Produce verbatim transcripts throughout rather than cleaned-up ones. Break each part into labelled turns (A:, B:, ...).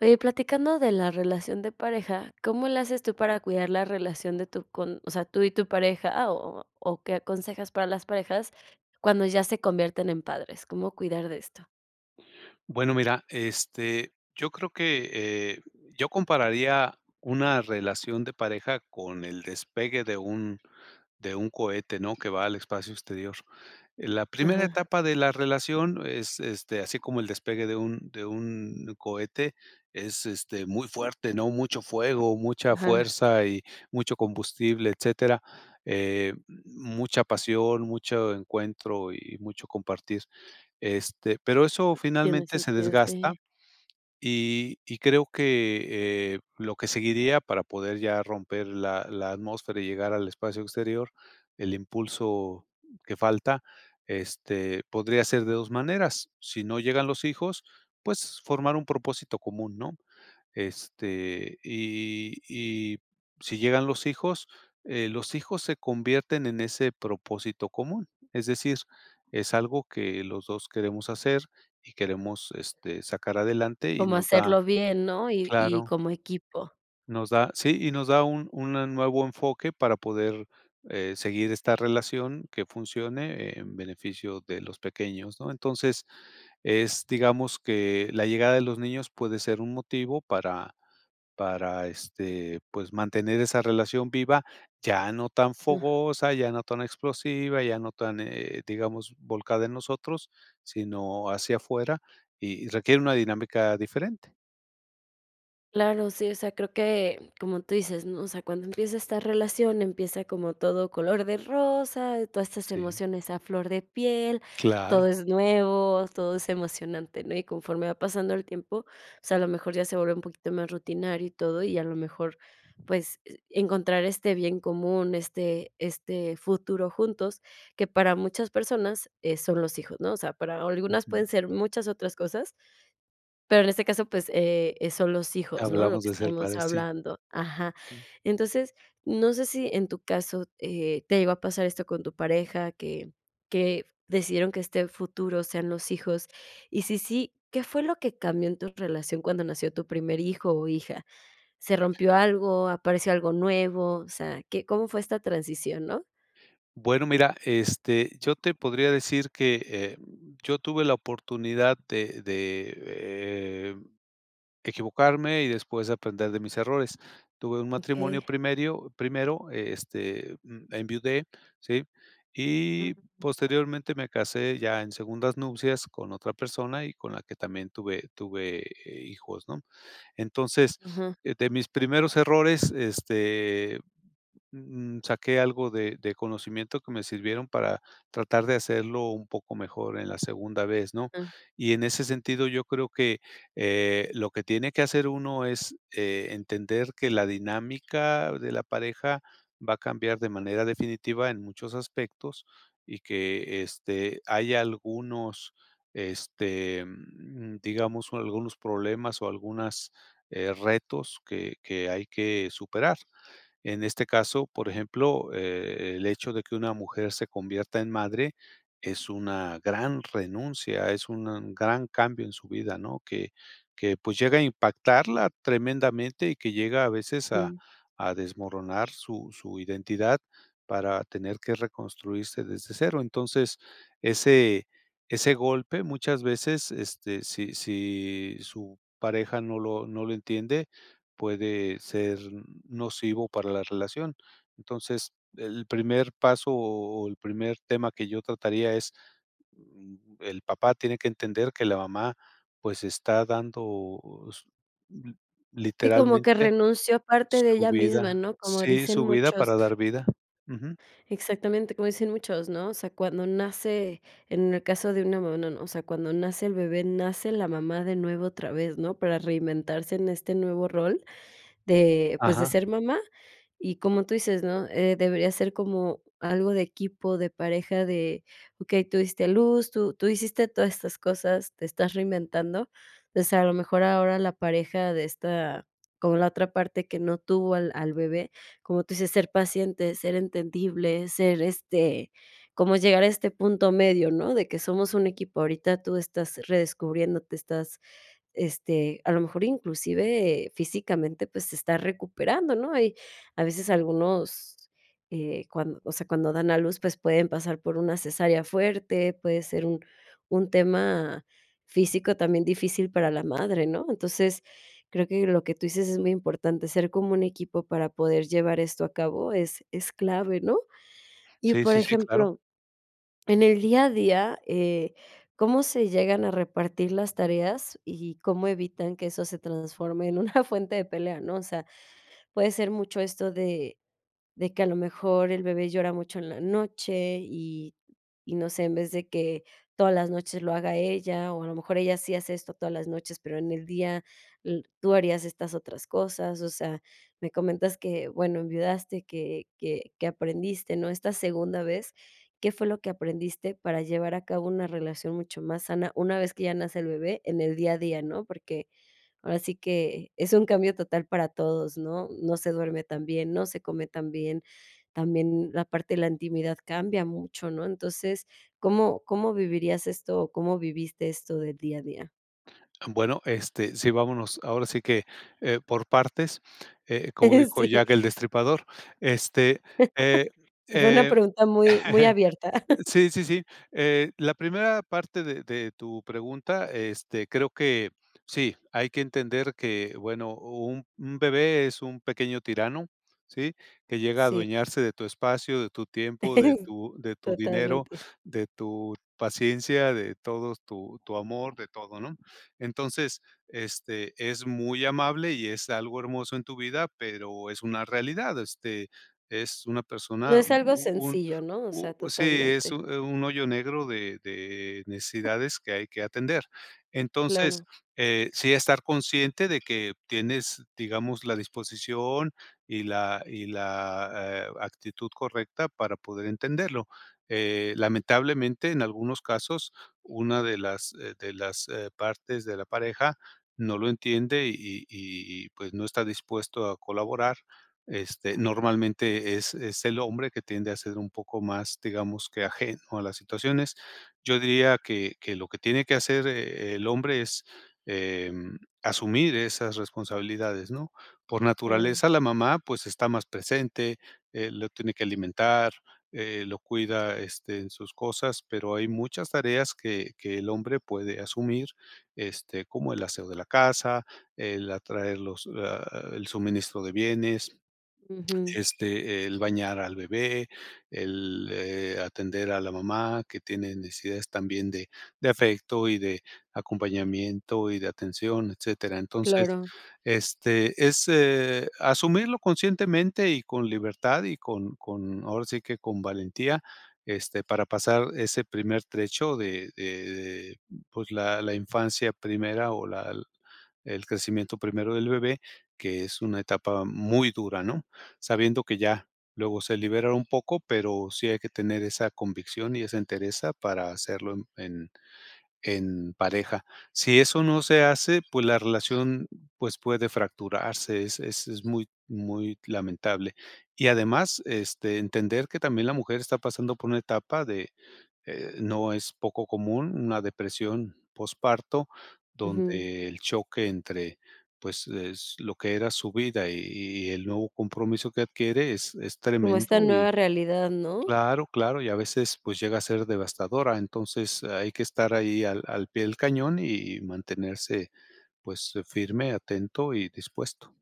A: Oye, platicando de la relación de pareja. ¿Cómo le haces tú para cuidar la relación de tu con o sea, tú y tu pareja, o o o qué aconsejas para las parejas cuando ya se convierten en padres? ¿Cómo cuidar de esto?
B: Bueno, mira, este, yo creo que, eh, yo compararía una relación de pareja con el despegue de un de un cohete, ¿no?, que va al espacio exterior. Eh, la primera
A: Ajá.
B: etapa de la relación es, este, así como el despegue de un de un cohete es, este, muy fuerte, ¿no? Mucho fuego, mucha
A: Ajá.
B: fuerza y mucho combustible, etcétera, eh, mucha pasión, mucho encuentro y y mucho compartir. Este, pero eso
A: Tiene
B: finalmente se
A: sentido,
B: desgasta
A: sí.
B: y y creo que, eh, lo que seguiría para poder ya romper la la atmósfera y llegar al espacio exterior, el impulso que falta, este, podría ser de dos maneras. Si no llegan los hijos, pues formar un propósito común, ¿no? Este, y y si llegan los hijos, eh, los hijos se convierten en ese propósito común. Es decir, es algo que los dos queremos hacer y queremos, este, sacar adelante y
A: Como
B: nos da
A: hacerlo bien, ¿no?, y y
B: Claro.
A: como equipo.
B: Nos da, sí, y nos da un una nuevo enfoque para poder, eh, seguir esta relación que funcione en beneficio de los pequeños, ¿no? Entonces, es digamos que la llegada de los niños puede ser un motivo para para, este, pues, mantener esa relación viva, ya no tan fogosa, ya no tan explosiva, ya no tan, eh, digamos, volcada en nosotros, sino hacia afuera, y requiere una dinámica diferente.
A: Claro, sí, o sea, creo que como tú dices, ¿no? O sea, cuando empieza esta relación, empieza como todo color de rosa, todas estas
B: Sí.
A: emociones a flor de piel, todo
B: Claro.
A: es nuevo, todo es emocionante, ¿no? Y conforme va pasando el tiempo, o sea, a lo mejor ya se vuelve un poquito más rutinario y todo y a lo mejor, pues, eh, encontrar este bien común, este este, futuro juntos que para muchas personas, eh, son los hijos, ¿no? O sea, para algunas
B: Ujú.
A: pueden ser muchas otras cosas pero en este caso, pues, eh, eh, son los hijos, ¿no?, lo
B: Hablamos
A: que
B: de ser
A: estamos
B: padre, sí.
A: hablando, ajá. Entonces, no sé si en tu caso, eh, ¿te llegó a pasar esto con tu pareja, que que decidieron que este futuro sean los hijos? Y sí, sí, ¿qué fue lo que cambió en tu relación cuando nació tu primer hijo o hija? ¿Se rompió algo, apareció algo nuevo? O sea, ¿qué cómo fue esta transición, no?
B: Bueno, mira, este, yo te podría decir que, eh, yo tuve la oportunidad de de, eh, equivocarme y después aprender de mis errores. Tuve un matrimonio
A: Okey.
B: primerio primero, este, mm, enviudé, ¿sí? Y posteriormente me casé ya en segundas nupcias con otra persona y con la que también tuve tuve, eh, hijos, ¿no? Entonces,
A: Ujú.
B: de mis primeros errores, este, mm, saqué algo de de conocimiento que me sirvieron para tratar de hacerlo un poco mejor en la segunda vez, ¿no?
A: Ah.
B: Y en ese sentido, yo creo que, eh, lo que tiene que hacer uno es, eh, entender que la dinámica de la pareja va a cambiar de manera definitiva en muchos aspectos y que, este, hay algunos, este, digamos, algunos problemas o algunas, eh, retos que que hay que superar. En este caso, por ejemplo, eh, el hecho de que una mujer se convierta en madre es una gran renuncia, es un gran cambio en su vida, ¿no? Que que pues llega a impactarla tremendamente y que llega a veces a
A: Mm.
B: a desmoronar su su identidad para tener que reconstruirse desde cero. Entonces, ese ese golpe, muchas veces, este, si si su pareja no lo no lo entiende, puede ser nocivo para la relación. Entonces, el primer paso o el primer tema que yo trataría es, mm, el papá tiene que entender que la mamá, pues, está dando s l
A: Sí, como que
B: literalmente,
A: renunció parte de
B: su
A: ella misma,
B: vida.
A: ¿no? Como
B: Sí,
A: dicen
B: su vida para
A: muchos.
B: dar vida. Ujú.
A: Exactamente como dicen muchos, ¿no? O sea, cuando nace en el caso de una mamá, no, no, no. O sea, cuando nace el bebé, nace la mamá de nuevo otra vez, ¿no? Para reinventarse en este nuevo rol de, pues, de
B: Ajá.
A: ser mamá y, como tú dices, ¿no?, eh, debería ser como algo de equipo de pareja de: "Okey, tú diste a luz, tú, tú hiciste todas estas cosas, te estás reinventando", pues, a lo mejor ahora la pareja de esta como la otra parte que no tuvo al al bebé, como tú dices, ser paciente, ser entendible, ser este como llegar a este punto medio, ¿no? De que somos un equipo, ahorita tú estás redescubriéndote, estás, este, a lo mejor inclusive físicamente, pues, te estás recuperando, ¿no? Y a veces algunos, eh, cuan o sea, cuando dan a luz, pues, pueden pasar por una cesárea fuerte, puede ser un un tema físico también difícil para la madre, ¿no? Entonces creo que lo que tú dices es muy importante: ser como un equipo para poder llevar esto a cabo es es clave, ¿no? Y
B: Sí,
A: por
B: sí, sí, claro.
A: ejemplo, en el día a día, eh, ¿cómo se llegan a repartir las tareas y cómo evitan que eso se transforme en una fuente de pelea? ¿no? O sea, puede ser mucho esto de de que a lo mejor el bebé llora mucho en la noche y y no sé, en vez de que todas las noches lo haga ella o a lo mejor ella sí hace esto todas las noches, pero en el día l tú harías estas otras cosas. O sea, me comentas que, bueno, enviudaste, que que que aprendiste, ¿no?, esta segunda vez. ¿Qué fue lo que aprendiste para llevar a cabo una relación mucho más sana, una vez que ya nace el bebé en el día a día?, ¿no? Porque ahora sí que es un cambio total para todos, ¿no? No se duerme tan bien, no se come tan bien. También la parte de la intimidad cambia mucho, ¿no? Entonces, ¿cómo cómo vivirías esto o cómo viviste esto del día a día?
B: Bueno, este, sí, vámonos, ahora sí que, eh, por partes, eh, como
A: Eh,
B: dijo
A: sí.
B: Jack el destripador, este, eh,
A: Fue una
B: eh
A: pregunta muy muy abierta.
B: Sí, sí, sí. Eh, la primera parte de de tu pregunta, este, creo que sí, hay que entender que, bueno, un un bebé es un pequeño tirano, ¿sí? Que llega a
A: Sí.
B: adueñarse de tu espacio, de tu tiempo, de
A: S
B: tu de tu dinero,
A: totalmente.
B: de tu paciencia, de todos tu tu amor, de todo, ¿no? Entonces, este, es muy amable y es algo hermoso en tu vida, pero es una realidad, este, es una
A: No
B: persona,
A: es algo
B: un un un
A: sencillo, ¿no? O sea,
B: u sí, es
A: totalmente.
B: un, eh, hoyo negro de de necesidades que hay que atender. Entonces,
A: Claro.
B: eh, sí estar consciente de que tienes, digamos, la disposición y la y la, eh, actitud correcta para poder entenderlo, eh, lamentablemente, en algunos casos, una de las, eh, de las, eh, partes de la pareja no lo entiende y y y y pues no está dispuesto a colaborar, este, normalmente es es el hombre que tiende a ser un poco más, digamos que ajeno a las situaciones. Yo diría que que lo que tiene que hacer el el hombre es, em, asumir esas responsabilidades, ¿no? Por
A: Claro.
B: naturaleza, la mamá, pues está más presente, eh, lo tiene que alimentar, eh, lo cuida, este, en sus cosas, pero hay muchas tareas que que el hombre puede asumir, este, como el aseo de la casa, el atraer los ah, el suministro de bienes.
A: Ujú.
B: Este, el bañar al bebé, el, eh, atender a la mamá que tiene necesidades también de de afecto y de acompañamiento y de atención, etcétera. Entonces,
A: Claro.
B: este es, eh, asumirlo conscientemente y con libertad y con con ahora sí que con valentía, este, para pasar ese primer trecho de de de pues la la infancia primera o la el crecimiento primero del bebé, que es una etapa muy dura, ¿no? Sabiendo que ya luego se liberan un poco, pero sí hay que tener esa convicción y esa entereza para hacerlo en en en pareja. Si eso no se hace, pues la relación, pues puede fracturarse, es es es muy muy lamentable. Y además, este, entender que también la mujer está pasando por una etapa de, eh, no es poco común, una depresión posparto
A: Ujú.
B: donde el choque entre pues, es lo que era su vida y y y el nuevo compromiso que adquiere es es
A: Como esta
B: tremendo y
A: nueva realidad, ¿no?
B: Claro, claro. y a veces, pues llega a ser devastadora. Entonces hay que estar ahí al al pie del cañón y y mantenerse, pues, eh, firme, atento y dispuesto.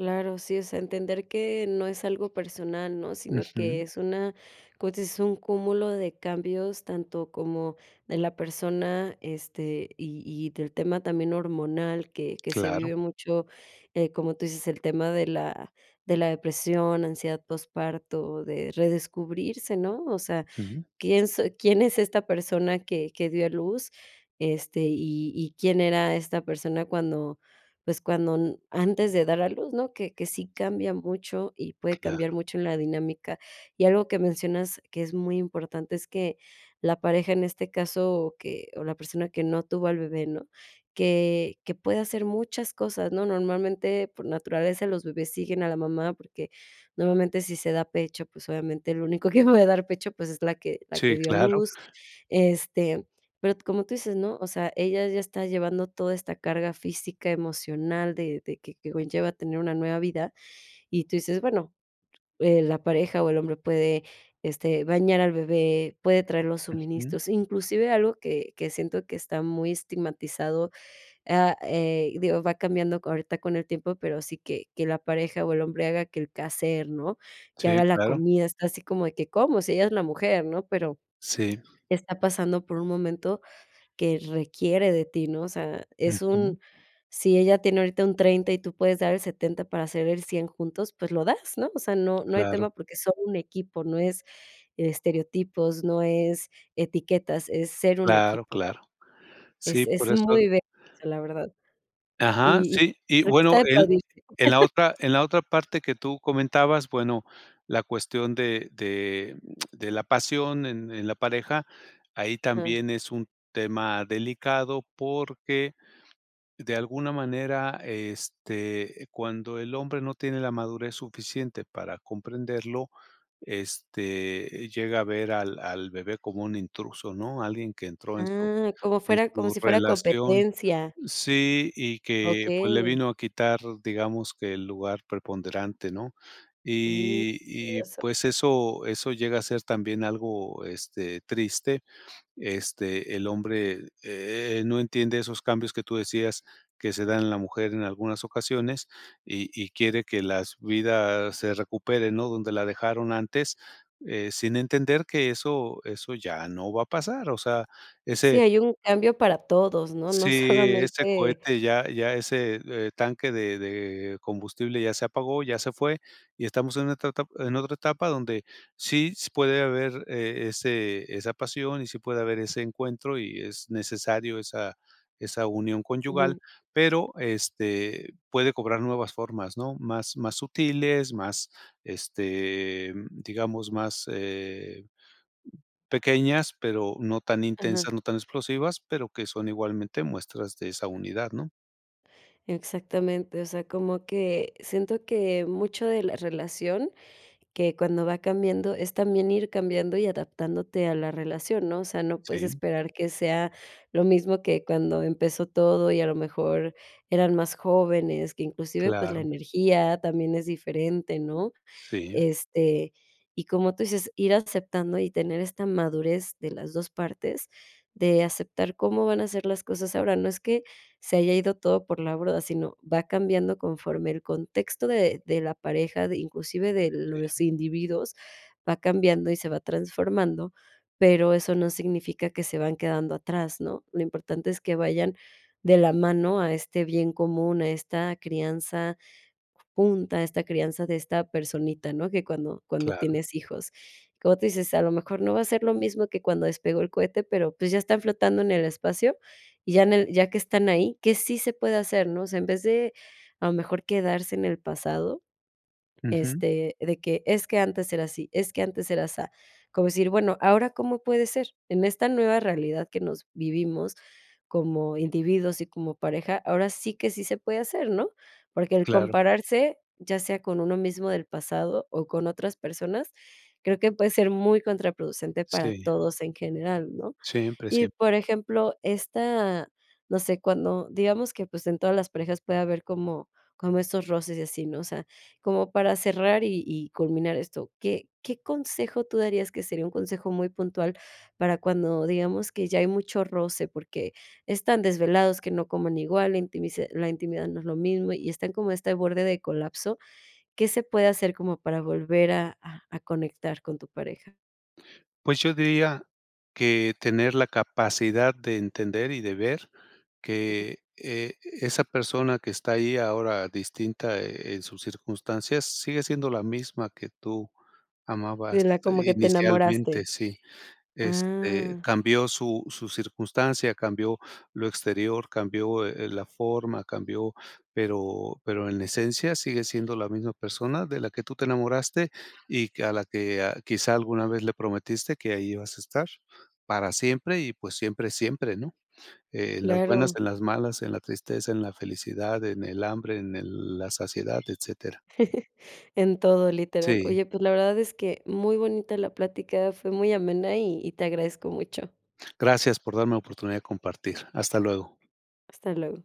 A: Claro. Sí, o sea, entender que no es algo personal, ¿no?, sino que
B: Ujú.
A: es una, pues es un cúmulo de cambios tanto como de la persona, este, y y del tema también hormonal, que que se
B: Claro.
A: vive mucho, eh, como tú dices, el tema de la de la depresión, ansiedad posparto, de redescubrirse, ¿no? O sea,
B: Sí.
A: quién soy quién es esta persona que que dio a luz, este, y y, quién era esta persona cuando, pues cuando n antes de dar a luz, ¿no?, que que sí cambia mucho, y puede
B: Claro.
A: cambiar mucho en la dinámica. Y algo que mencionas que es muy importante es que la pareja en este caso o que o la persona que no tuvo al bebé, ¿no?, que que puede hacer muchas cosas, ¿no? Normalmente, por naturaleza, los bebés siguen a la mamá, porque normalmente, si se da pecho, pues obviamente lo único que puede dar pecho, pues es la que la que
B: Sí,
A: dio a
B: claro.
A: luz. Este, pero como tú dices, ¿no?, o sea, ella ya está llevando toda esta carga física, emocional, de de que que conlleva a tener una nueva vida, y tú dices, bueno, eh, la pareja o el hombre puede, este, bañar al bebé, puede traer los
B: Ujú.
A: suministros, inclusive algo que que siento que está muy estigmatizado, ah, eh, y digo, va cambiando ahorita con el tiempo, pero sí que que la pareja o el hombre haga que el quehacer, ¿no?, que
B: Sí,
A: haga la
B: claro.
A: comida. Está así como de que, ¿cómo?, si ella es la mujer, ¿no?, pero
B: Sí.
A: está pasando por un momento que requiere de ti, ¿no? O sea, es
B: Ujú.
A: un Si ella tiene ahorita un treinta y tú puedes dar el setenta para hacer el cien juntos, pues lo das, ¿no?, o sea, no no hay
B: Claro.
A: tema porque son un equipo, no es estereotipos, no es etiquetas, es ser un
B: Claro,
A: equipo.
B: claro. Sí,
A: Es
B: por
A: es
B: eso
A: muy, bello eso la verdad.
B: Ajá,
A: Y y
B: sí, y
A: creo que está
B: bueno,
A: de
B: el
A: aplaudir.
B: En la otra en la otra parte que tú comentabas, bueno, la cuestión de de de la pasión en en la pareja, ahí
A: Ah.
B: también es un tema delicado porque, de alguna manera, este, cuando el hombre no tiene la madurez suficiente para comprenderlo, este, llega a ver al al bebé como un intruso, ¿no?, alguien que entró en su
A: Ah, como
B: en
A: fuera como
B: su
A: si fuera
B: relación
A: competencia.
B: Sí, y que, pues, le
A: Okey.
B: vino a quitar, digamos que el lugar preponderante, ¿no?
A: Mm,
B: Y y
A: eso.
B: pues eso eso llega a ser también algo, este, triste. Este, el hombre, eh, no entiende esos cambios que tú decías que se dan en la mujer en algunas ocasiones, y y quiere que las vidas se recuperen, ¿no?, donde la dejaron antes, eh, sin entender que eso eso ya no va a pasar, o sea,
A: Sí,
B: ese
A: hay un cambio para todos, ¿no?, no
B: sí, ese
A: solamente
B: cohete, ya ya ese, e tanque de de combustible ya se apagó, ya se fue, y estamos en otra etap en otra etapa donde, sí puede haber eh, ese esa pasión, y sí puede haber ese encuentro y es necesario esa esa unión conyugal,
A: Ujú.
B: pero, este, puede cobrar nuevas formas, ¿no?, más más sutiles, más este, digamos, más, eh pequeñas, pero no tan
A: Ajá.
B: intensas, no tan explosivas, pero que son igualmente muestras de esa unidad, ¿no?
A: Exactamente. O sea, como que siento que mucho de la relación, que cuando va cambiando, es también ir cambiando y adaptándote a la relación, ¿no? O sea, no puedes
B: Sí.
A: esperar que sea lo mismo que cuando empezó todo y a lo mejor eran más jóvenes. Que inclusive, pues, la
B: Claro.
A: energía también es diferente, ¿no?
B: Sí.
A: Este, y como tú dices, ir aceptando y tener esta madurez de las dos partes de aceptar cómo van a ser las cosas. Ahora, no es que se haya ido todo por la borda, sino va cambiando conforme el contexto de de la pareja, de inclusive de
B: Sí.
A: los individuos va cambiando y se va transformando, pero eso no significa que se van quedando atrás, ¿no? Lo importante es que vayan de la mano a este bien común, a esta crianza junta, esta crianza de esta personita, ¿no?, que cuando cuando
B: Claro.
A: tienes hijos. Como tú dices, a lo mejor no va a ser lo mismo que cuando despegó el cohete, pero, pues, ya está flotando en el espacio y ya en él, ya que están ahí, que sí se puede hacer, ¿no? O sea, en vez de a lo mejor quedarse en el pasado,
B: Ujú.
A: este, de que: "Es que antes era así, es que antes era asa". Como decir: "Bueno, ¿ahora cómo puede ser? En esta nueva realidad que nos vivimos como individuos y como pareja, ahora sí que sí se puede hacer", ¿no?, porque el
B: Claro.
A: compararse, ya sea con uno mismo del pasado o con otras personas, creo que puede ser muy contraproducente para
B: Sí.
A: todos en general, ¿no?
B: Siempre,
A: Y por
B: siempre.
A: ejemplo, esta, no sé cuando, digamos que, pues, en todas las parejas puede haber como como estos roces y así, ¿no? O sea, como para cerrar y y culminar esto, ¿qué qué consejo tú darías? que sería un consejo muy puntual, para cuando digamos que ya hay mucho roce, porque están desvelados, que no coman igual, la intimisa la intimidad no es lo mismo y está como este borde de colapso. ¿Qué se puede hacer como para volver a a a conectar con tu pareja?
B: Pues, yo diría que tener la capacidad de entender y de ver que, eh, esa persona que está ahí ahora distinta en sus circunstancias sigue siendo la misma que tú
A: De la
B: amabas
A: como que te
B: inicialmente
A: enamoraste.
B: sí. Este,
A: Ah.
B: cambió su su circunstancia, cambió lo exterior, cambió, eh, la forma, cambió, pero pero en esencia sigue siendo la misma persona de la que tú te enamoraste y que a la que ah quizá alguna vez le prometiste que ahí ibas a estar para siempre y pues siempre es siempre, ¿no?, en las buenas,
A: Claro.
B: en las malas, en la tristeza, en la felicidad, en el hambre, en el la saciedad, etcétera.
A: En todo literal.
B: Sí.
A: Oye, pues, la verdad es que muy bonita la plática fue muy amena y y te agradezco mucho.
B: Gracias por darme la oportunidad de compartir. Hasta luego.
A: Hasta luego.